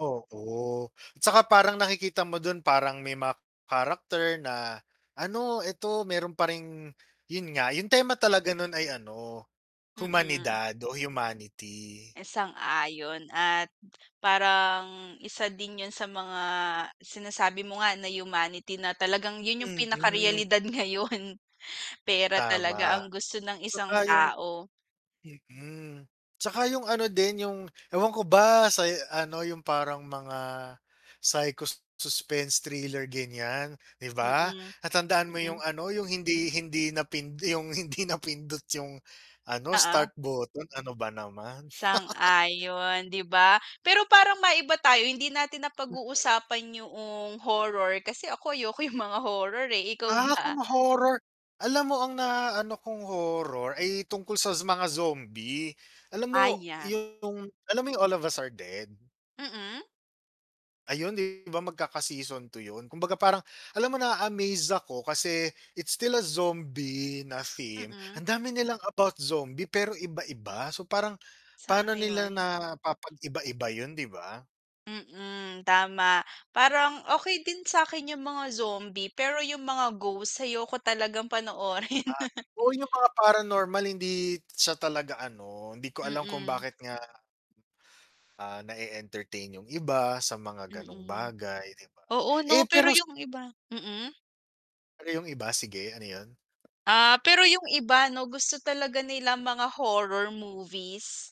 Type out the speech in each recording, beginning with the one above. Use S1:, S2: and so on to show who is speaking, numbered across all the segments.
S1: Oo, tsaka parang nakikita mo dun parang may character na ano eto meron pa ring, yun nga yung tema talaga nun ay ano,
S2: Mm.
S1: humanidad o humanity.
S2: Sang-ayon at parang isa din yun sa mga sinasabi mo nga na humanity na talagang yun yung pinaka
S1: Mm.
S2: realidad ngayon, pera talaga
S1: Tama,
S2: ang gusto ng isang
S1: tsaka yung
S2: tao.
S1: mm, tsaka yung ano din yung, ewan ko ba sa ano yung parang mga psycho suspense thriller ganyan, 'di ba?
S2: Mm.
S1: Na tandaan mo yung
S2: Mm.
S1: ano yung hindi, hindi na yung hindi napindot yung ano
S2: Oo.
S1: start button, ano ba naman.
S2: Sang-ayon 'di ba? Pero parang maiba tayo hindi natin
S1: Mhm.
S2: napag-uusapan yung horror, kasi ako ayoko yung mga horror eh, ikaw
S1: Ah, kung
S2: ba?
S1: horror, alam mo ang na ano kung horror ay tungkol sas sa mga zombie. Alam mo
S2: Ayan.
S1: yung, alam mo yung "All of Us Are Dead?"
S2: Mm?
S1: Ayun 'di ba magkaka season 2 yun kumbaga parang, alam mo naa-amaze ako kasi it's still a zombie na theme,
S2: Mm.
S1: ang dami nilang about zombie pero iba-iba. So parang, pano nila
S2: Sang-ayon.
S1: na napapag-iba-iba yun 'di ba?
S2: Mm, tama parang okey din sakin yung mga zombie pero yung mga ghost, ayoko talagang panoorin.
S1: Ah, oo yung mga paranormal hindi siya talaga ano, hindi ko alam kung
S2: Mm.
S1: bakit nga ah, na e-entertain yung iba sa mga ganong
S2: Mm.
S1: bagay 'di ba?
S2: Oo
S1: Eh
S2: 'no, pero
S1: pero
S2: yung iba mm?
S1: Ano 'yong iba, sige ano 'yon?
S2: Ah, pero yung iba 'no gusto talaga nilang mga horror movies.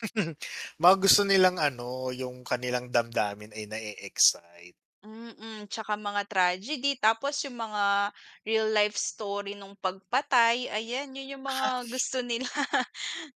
S1: Mga gusto nilang ano, yung kanilang damdamin ay na-e-excite.
S2: Mm, tsaka mga tragedy tapos yung mga real life story nung pagpatay ayan yun yung mga gusto nila.